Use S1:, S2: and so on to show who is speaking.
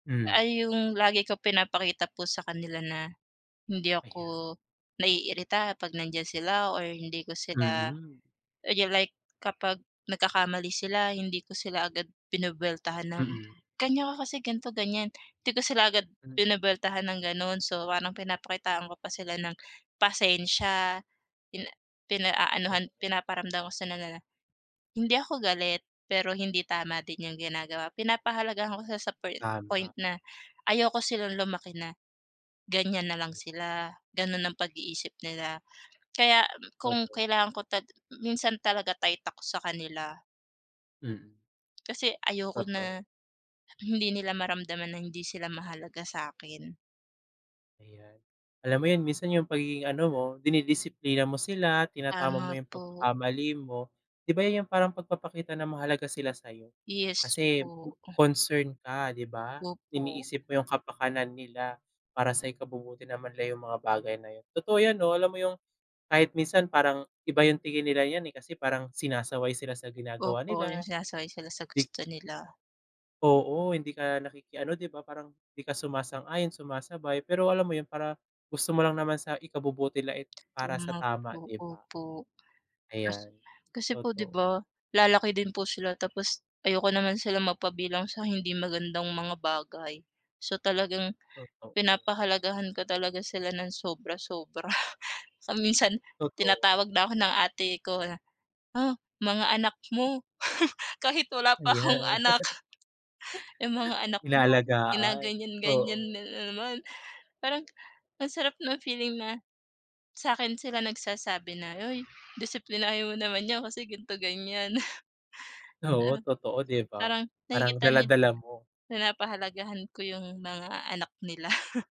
S1: Hmm.
S2: Ay yung lagi ko pinapakita po sa kanila na hindi
S1: Ayan.
S2: ako naiirita 'pag nandiyan sila or hindi ko sila
S1: Mm.
S2: you like kapag nagkakamali sila hindi ko sila agad binubweltahan ng,
S1: Mm.
S2: "Ganyan ka kasi ganito, ganyan." Hindi ko sila agad
S1: Hmm.
S2: binubweltahan ng gano'n. So, parang pinapakitaan ko pa sila ng pasensya. Pin pinaanuhan,
S1: Ayun.
S2: pinaparamdam ko sa kanila hindi ako galit, pero hindi tama din yung ginagawa. Pinapahalagahan ko sila sa poin point
S1: Tama.
S2: na ayoko silang lumaki na ganyan na lang
S1: 'Yan.
S2: sila, ganun ang pag-iisip nila. Kaya kung
S1: Totoo.
S2: kailangan ko ta minsan talaga tight ako sa kanila.
S1: Mm.
S2: Kasi ayoko
S1: Totoo.
S2: na hindi nila maramdaman na hindi sila mahalaga sa'kin.
S1: Ayan. Alam mo yun minsan yung pagiging ano mo, dinidisiplina mo sila, tinatama mo
S2: Tama
S1: yung
S2: po.
S1: pagkakamali mo, 'di ba' yan yung parang pagpapakita na mahalaga sila sa'yo.
S2: Yes
S1: Kasi
S2: po.
S1: concern ka, 'di ba?
S2: Opo.
S1: Iniisip mo yung kapakanan nila para sa ikabubuti naman nila yung mga bagay na yun. Totoo 'yan 'no, alam mo yung kahit minsan parang iba yung tingin nila niyan, eh, kasi parang sinasaway sila sa ginagawa
S2: Opo, yung
S1: nila,
S2: sinasakay sila sa
S1: di
S2: gusto nila.
S1: Oo, hindi ka nakikiano 'di ba, parang hindi ka sumasang-ayon, sumasabay, pero alam mo yun, para gusto mo lang naman sa ikabubuti la and para sa
S2: Tama
S1: tama,
S2: po,
S1: 'di ba?
S2: opo. Kasi
S1: Ayan.
S2: kasi po 'di
S1: Totoo.
S2: ba lalaki din po sila tapos ayoko naman sila mapabilang sa hindi magandang mga bagay. So, talagang
S1: Totoo.
S2: pinapahalagahan ko talaga sila ng sobra-sobra. Sa minsan
S1: Totoo.
S2: tinatawag na ako ng ate ko na, "Ah, mga anak mo." Kahit wala pa
S1: Yeah.
S2: akong anak. "Yung mga anak mo
S1: Inaalagaan.
S2: ginaganyan-ganyan
S1: Oo.
S2: na naman." Parang ang sarap ng feeling na, sa'kin sila nagsasabi na, "Uy, disiplinahin mo naman 'yan kasi gan'to, ganyan."
S1: Oo,
S2: Ah,
S1: totoo, 'di ba?
S2: parang
S1: Parang
S2: nakikita nila
S1: dala-dala mo.
S2: pinapahalagahan ko yung mga anak nila.